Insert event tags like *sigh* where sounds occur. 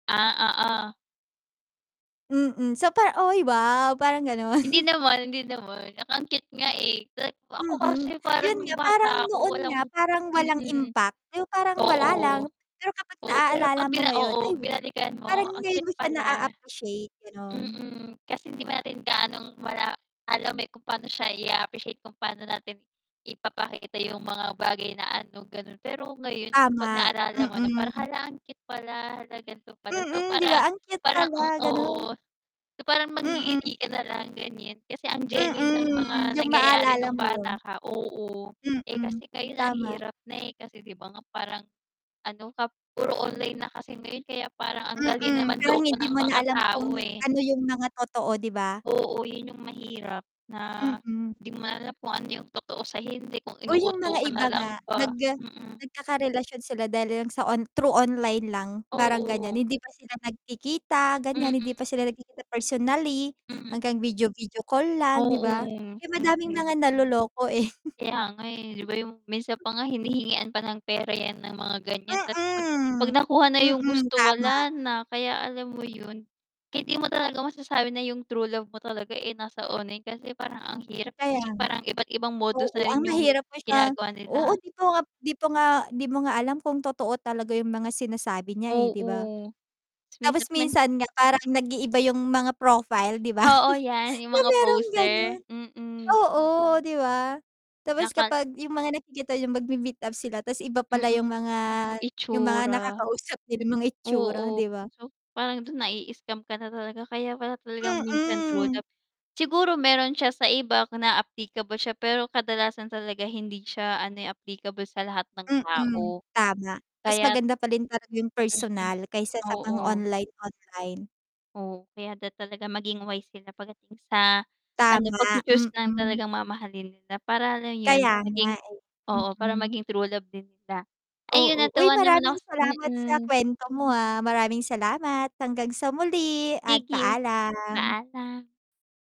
Ah, oo. Mm, so parang, "Oy, wow!" Parang gano'n. Hindi *chuckles* naman, hindi naman 'tsaka ang cute nga, eh. *unintelligible* Ako Mm, kasi parang yun nung nga parang bata noon ako nga walang parang walang mm. impact pero parang wala lang, Oo. pero kapag Oo, pero naalala 'pag mo bina ngayon oo ay binalikan mo parang ang cute ngayon mo siya pala. na-a-appreciate, gano'n. Mm, kasi hindi pa natin gaanong mala alam, eh, kung pa'no siya ia-appreciate kung pa'no natin ipapakita yung mga bagay na ano, gano'n. Pero ngayon kapag Tama, naalala mo na parang, mm. "Hala, ang cute pala, 'la gan'to pala." So Mm, 'di ba parang ang cute parang ang pala, gano'n. *unintelligible* so, parang Mm. mangngiti ka nalang gan'yan kasi ang genuine ng Mm, mga yung nangyayari maalala nung mo 'yun. bata ka, oo. Eh, Mm, kasi ngayon ang tama. hirap na, eh, kasi 'di ba nga parang ano ka puro online na kasi ngayon kaya parang ang dali na Mm, parang manloko hindi ng mo na mga alam kung tao, eh. ano yung mga totoo, 'di ba? Oo, 'yun yung mahirap na Mm. 'di mo alam kung ano yung totoo sa hindi, kung Oh, yung inuuto mga ka iba nalang nga ba, nag mm. nagkakarelasyon sila dahil lang sa on through online lang parang ganyan. Oo. Hindi pa sila nagkikita ganyan, hindi Mm. pa sila nagkikita personally Hmm. hanggang video video call lang, 'di Oo, ba? Kaya madami ang mm. mga naloloko, eh. *chuckles* Kaya nga, eh, 'di ba yung minsan pa nga hinihingian pa ng pera 'yan ng mga ganyan ta's 'pag 'pag Mm. nakuha na yung Mm, gusto tama. wala na. Kaya alam mo 'yun, kaya 'di mo talaga masasabi na yung true love mo talaga, eh, nasa online kasi parang ang hirap Kaya kasi nga. parang iba't ibang modus Oo, na ang rin yung mahirap pa siya ginagawa oo, nila. 'di pa nga 'di po nga 'di mo nga alam kung totoo talaga yung mga sinasabi niya, eh, 'di ba? Oo. Ta's minsan Tapos naman minsan nga parang nag-iiba yung mga profile 'di ba? Oo 'yan, *chuckles* 'Di yung ba mga mayrong poser, gano'n? mm. Oo, 'di ba? Tapos Nakal kapag yung mga nakikita yung magmi-meet up sila ta's iba pala yung Mm. mga yung mga Itsura. nakakausap nila, yung mga itsura Oo, 'di ba? so parang do'n nai-scam ka na talaga kaya pala talagang minsan true love siguro mayro'n siya sa iba ka na applicable siya, pero kadalasan talaga hindi siya ano, eh, applicable sa lahat ng Mm, tao. tama. Mas Kaya't maganda pa rin talaga yung Mm, personal kaysa sa mga oo. online, online. Oo, kaya dapat talaga maging wise sila pagdating sa ano, Tama, pagchu-choose ng mm. talagang mamahalin nila para lang 'yun Kaya nga, maging eh. oo, para Mm. maging true love din nila. Ay yun, Oo. Uy! natuwa naman Maraming ako salamat sa mm. kuwento mo, ah, maraming salamat hanggang sa muli at Sige. paalam. Paalam.